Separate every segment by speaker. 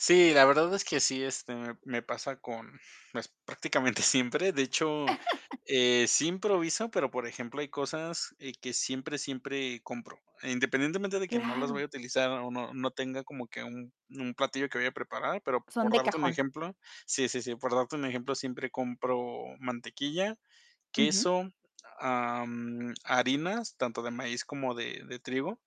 Speaker 1: Sí, la verdad es que sí, este, me me pasa con pues, prácticamente siempre. De hecho, eh, sí improviso, pero, por ejemplo, hay cosas, eh, que siempre, siempre compro. Independientemente de que no las
Speaker 2: Claro.
Speaker 1: vaya a utilizar, o no no tenga como que un un platillo que vaya a preparar, pero
Speaker 2: Son
Speaker 1: por
Speaker 2: de
Speaker 1: darte un
Speaker 2: cajón.
Speaker 1: ejemplo sí, sí, sí, por darte un ejemplo, siempre compro mantequilla,
Speaker 2: Ujú.
Speaker 1: queso, am, harinas, tanto de maíz como de de trigo,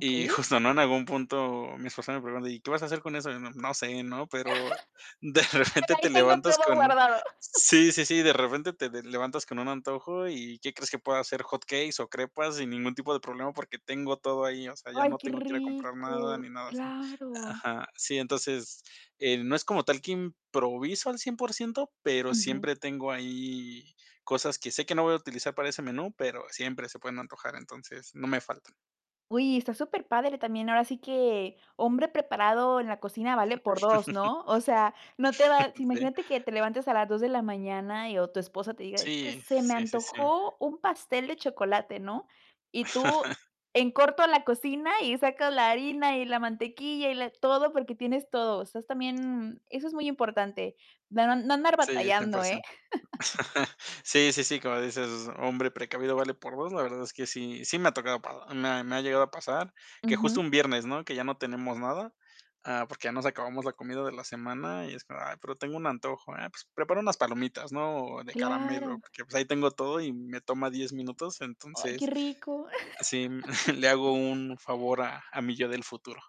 Speaker 1: y justo, ¿no? En algún punto, mi esposa me pregunta: "¿Y qué vas a hacer con eso?" Y no, no sé, ¿no? Pero, de
Speaker 2: Por
Speaker 1: repente te
Speaker 2: ahí tengo
Speaker 1: levantas
Speaker 2: todo
Speaker 1: con
Speaker 2: guardado.
Speaker 1: sí, sí, sí, de repente te levantas con un antojo, ¿y qué crees que pueda hacer? Hot cakes o crepas, sin ningún tipo de problema, porque tengo todo ahí, o sea, ya
Speaker 2: Ay,
Speaker 1: no
Speaker 2: qué
Speaker 1: tengo que ir a comprar nada,
Speaker 2: rico,
Speaker 1: ni nada así
Speaker 2: claro.
Speaker 1: Aja, sí, entonces, em no es como tal que improviso al 100%, pero
Speaker 2: Ujú.
Speaker 1: siempre tengo ahí cosas que sé que no voy a utilizar para ese menú, pero siempre se pueden antojar. Entonces, no me faltan.
Speaker 2: ¡Uy! Está superpadre, también ahora sí que hombre preparado en la cocina vale por 2, ¿no? O sea, no te va si
Speaker 1: Sí.
Speaker 2: imagínate que te levantes a las 2 de la mañana y o tu esposa te diga: "Es que
Speaker 1: Sí.
Speaker 2: se me
Speaker 1: Sí, sí, sí.
Speaker 2: antojó un pastel de chocolate", ¿no? Y tú en corto la cocina, y sacas la harina, y la mantequilla y la todo, porque tienes todo. O sea, es también, eso es muy importante, dar un no no andar
Speaker 1: Sí, 100
Speaker 2: batallando,
Speaker 1: por
Speaker 2: ¿eh?
Speaker 1: cien Sí, sí, sí, como dices, hombre precavido vale por 2. La verdad es que sí, sí me ha tocado pa me me ha llegado a pasar, que justo
Speaker 2: Ujú.
Speaker 1: un viernes, ¿no? Que ya no tenemos nada, ah, porque ya nos acabamos la comida de la semana, y es como: "Ay, pero tengo un antojo, ah, pues, prepara unas palomitas", ¿no? De caramelo,
Speaker 2: Claro.
Speaker 1: que, pues, ahí tengo todo, y me toma 10 minutos.
Speaker 2: Ay, qué
Speaker 1: Entonces,
Speaker 2: rico.
Speaker 1: sí, le hago un favor a a mi yo del futuro.